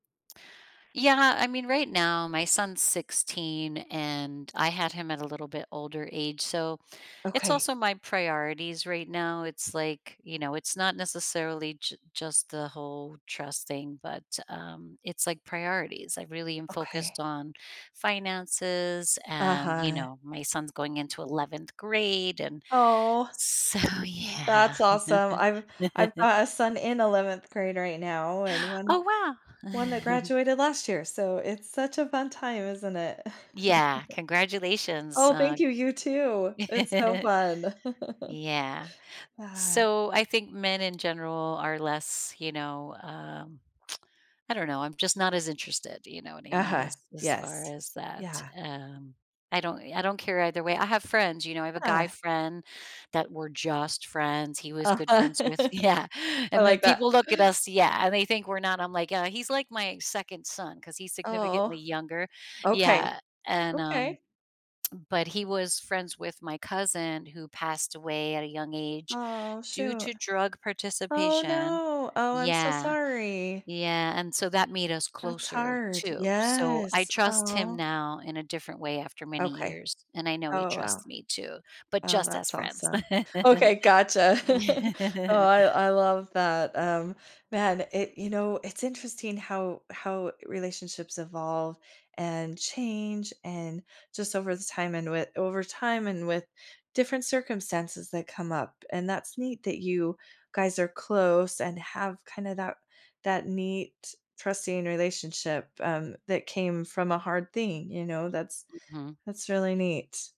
Yeah, I mean, right now, my son's 16, and I had him at a little bit older age, so it's Okay. also my priorities right now, it's, like, you know, it's not necessarily j just the whole trust thing, but, um, it's, like, priorities, I really am focused Okay. on finances and, you Uh-huh. know, my son's going into 11th grade and Oh. so, yeah. That's awesome, I've I've got a son in 11th grade right now and one Oh, wow. one that graduated last year, so it's such a fun time, isn't it? Yeah, congratulations Oh, thank on you, you too, it's so fun. Yeah. Yeah. So I think men in general are less, you know, um I don't know, I'm just not as interested, do you know what I mean, Uh-huh, as as far yes. as that, Yeah. um, I don't I don't care either way. I have friends, you know, I have a guy Yeah. friend that we're just friends he was good Uh-huh. friends with Yeah, I and then like that. people look at us, yeah, and they think we're not I'm like, "Yeah, he's like my 2nd son," 'cause he's Aw. significantly younger, Okay. yeah, and, um Okay. but he was friends with my cousin who passed away at a young age Aw, due shoot. to drug Oh participation. no, oh, I'm so Yeah. sorry. Yeah, and so that made us That's closer hard. too, so I Yes. trust him Aw. now in a different way after many Okay. years, and I know he Oh, wow. trusts me, too, but Oh, just as that's friends. awesome. Okay, gotcha. Oh, I I love that, um, man, it you know, it's interesting how how relationships evolve, and change, and just over the time, and wi over time, and with different circumstances that come up, and that's neat that you guys are close and have kinda that that neat trusting relationship, um, that came from a hard thing, you know, that's Hm. that's really neat.